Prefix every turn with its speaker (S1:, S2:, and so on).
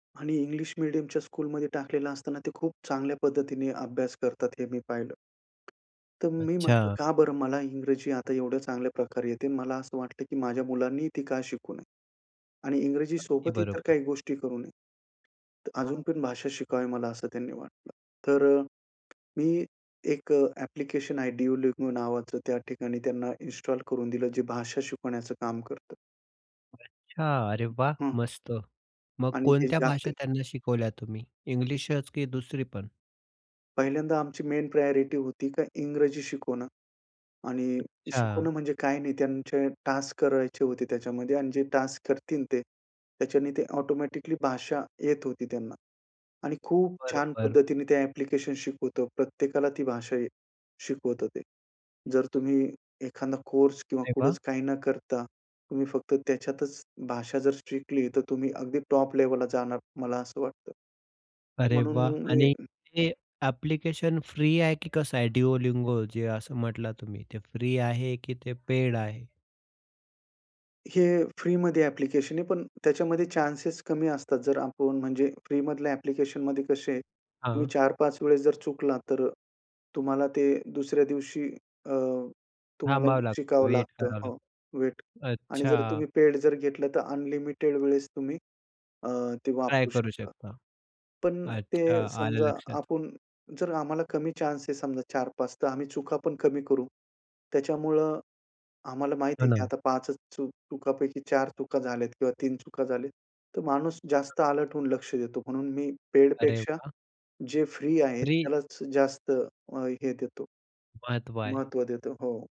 S1: आणि इंग्लिश मीडियमच्या स्कूलमध्ये टाकलेलं असताना ते खूप चांगल्या पद्धतीने अभ्यास करतात हे मी पाहिलं. तर मी म्हटलं
S2: अच्छा.
S1: का बरं मला इंग्रजी आता एवढ्या चांगल्या प्रकारे येते, मला असं वाटलं की माझ्या मुलांनी ती का शिकू नये आणि
S2: अगदी
S1: इंग्रजीसोबत इतर
S2: बरोबर.
S1: काही गोष्टी करू नये. अजून
S2: हां.
S1: पण भाषा शिकावी मला असं त्यांनी वाटलं. तर अ, मी एक अ, ॲप्लिकेशन आहे Duolingo नावाचं त्या ठिकाणी त्यांना इन्स्टॉल करून दिलं जे भाषा शिकवण्याचं काम करतं.
S2: अच्छा. अरे वाह!
S1: हं.
S2: मस्त. मग
S1: आणि हे
S2: कोणत्या भाषा
S1: [unintelligible]
S2: त्यांना शिकवल्या तुम्ही? इंग्लिशच की दुसरी पण?
S1: पहिल्यांदा आमची मेन प्रायोरिटी होती का इंग्रजी शिकवणं आणि शिकवणं
S2: अच्छा.
S1: म्हणजे काही नाही त्यांचे टास्क करायचे होते त्याच्यामध्ये आणि जे टास्क करतील ते, त्याच्याने ते ऑटोमॅटिकली भाषा येत होती त्यांना. आणि खूप छान
S2: बरोबर.
S1: पद्धतीने ते ॲप्लिकेशन शिकवतो. प्रत्येकाला ती भाषा शिकवतो ते. जर तुम्ही एखादा कोर्स किंवा
S2: अरे वाह!
S1: कुठेच काही न करता तुम्ही फक्त त्याच्यातच भाषा जर शिकली तर तुम्ही अगदी टॉप लेव्हलला जाणार मला असं वाटतं.
S2: अरे
S1: म्हणून
S2: वाह!
S1: मग मी
S2: आणि हे ॲप्लिकेशन फ्री आहे की कसं आहे Duolingo जे असं म्हटला तुम्ही, ते फ्री आहे की ते पेड आहे?
S1: हे फ्रीमध्ये ॲप्लिकेशन आहे, पण त्याच्यामध्ये चान्सेस कमी असतात जर आपण म्हणजे फ्रीमधल्या ॲप्लिकेशनमध्ये कसे तुम्ही
S2: हां.
S1: 4-5 वेळेस जर चुकला तर तुम्हाला ते दुसऱ्या दिवशी अ, तुम्हाला
S2: थांबावं लागतं.
S1: शिकावं
S2: वेट
S1: लागतं
S2: करावं
S1: हो, वेट आणि जर
S2: अच्छा.
S1: तुम्ही पेड जर घेतलं तर अनलिमिटेड वेळेस तुम्ही अ, ते
S2: ट्राय
S1: वापरू
S2: करू
S1: शकता.
S2: शकता.
S1: पण
S2: अच्छा
S1: ते
S2: आलं
S1: समजा
S2: लक्षात.
S1: आपण जर आम्हाला कमी चान्स आहे समजा 4-5 तर आम्ही चुका पण कमी करू. त्याच्यामुळे आम्हाला माहिती
S2: हो,
S1: आहे, की
S2: ना.
S1: आता 5 च चुकांपैकी 4 चुका झाल्यात किंवा 3 चुका झाल्या, तर माणूस जास्त अलर्ट होऊन लक्ष देतो म्हणून मी पेड
S2: अरे
S1: पेक्षा,
S2: वाह!
S1: जे फ्री आहे
S2: फ्री
S1: त्यालाच जास्त अ, हे देतो.
S2: महत्व आहे.
S1: महत्व देतो. हो.